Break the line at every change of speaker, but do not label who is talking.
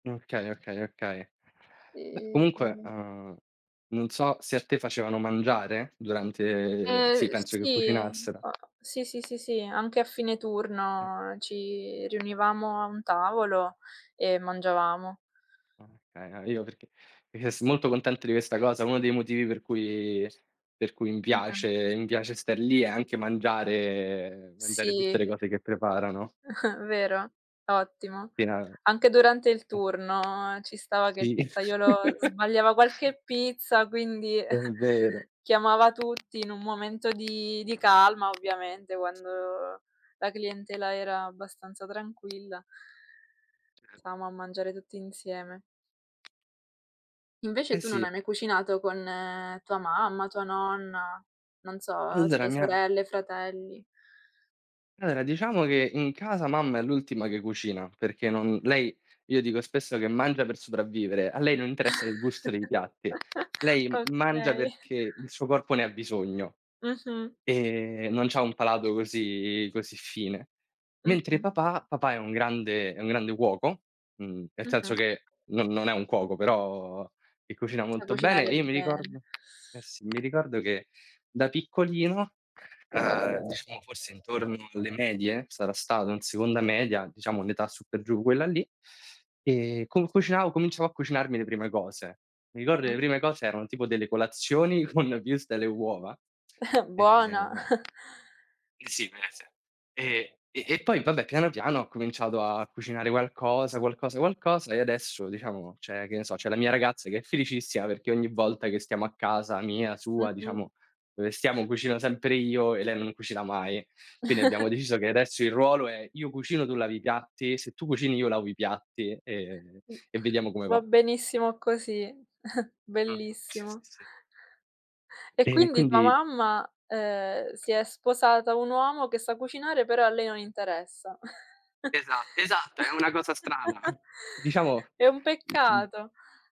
Okay, okay, okay. Beh comunque,
E
uhm, non so se a te facevano mangiare durante sì,
Uhm
penso che
sì,
cucinassero.
o sì, sì, sì, sì, anche a fine turno ci riunivamo a un tavolo e mangiavamo.
Okay, a io perché rimasi molto contento di questa cosa. Uno dei motivi per cui s per cui mi
Mh-mh.
piace mi piace star lì è anche mangiare mangiare tutte le
Sì.
cose che preparano.
Vero, ottimo.
Pena
Anche durante il
eh
turno ci stava che il
Sì.
pizzaiolo sbagliava qualche pizza, quindi
È vero.
chiamava tutti in un momento di di calma ovviamente quando la clientela era abbastanza tranquilla.
Cer
Stavamo a mangiare tutti insieme. Invece
Eh
tu non hai
sì.
mai cucinato con tua mamma, tua nonna, non so, uhm, se
Allora
hai
mi ha
sorelle, fratelli?
Allora, diciamo che in casa mamma è l'ultima che cucina, perché non lei io dico spesso che mangia per sopravvivere, a lei non interessa il gusto dei piatti, lei m mangia
Okay.
perché il suo corpo ne ha bisogno
Mh-mh.
e non c'ha un palato così così fine. Mentre
Mh-mh.
papà, papà è un grande è un grande cuoco, mhmm, nel
Mh-mh.
senso che non non è un cuoco, però che cucina
A
molto bene,
cucinare
e io mi
bene.
ricordo eh sì, mi ricordo che da piccolino, uhm diciamo forse intorno alle medie, sarà stato in seconda media, diciamo un'età su per giù quella lì, ehm, con cucinavo cominciavo a cucinarmi le prime cose. Mi ricordo che le
Mh-mh.
prime cose erano tipo delle colazioni con wurstel e uova,
Buona.
e Sì, [unintelligible] e e e poi vabbè, piano piano ho cominciato a cucinare qualcosa, qualcosa, qualcosa, e adesso diciamo c'è che ne so, c'è la mia ragazza che è felicissima perché ogni volta che stiamo a casa mia, sua,
Mh-mh.
diciamo, dove stiamo, cucino sempre io e lei non cucina mai. Quindi abbiamo deciso che adesso il ruolo è io cucino, tu lavi i piatti, se tu cucini io lavo i piatti e
Mh,
e vediamo come
va
va.
benissimo così,
Mh-mh, sì, sì,
bellissimo.
sì.
E
E
quindi tua
quindi
mamma, uhm, si è sposata un uomo che sa cucinare però a lei non interessa.
Esa esatto, è una cosa strana. Diciamo
È un
m m
peccato.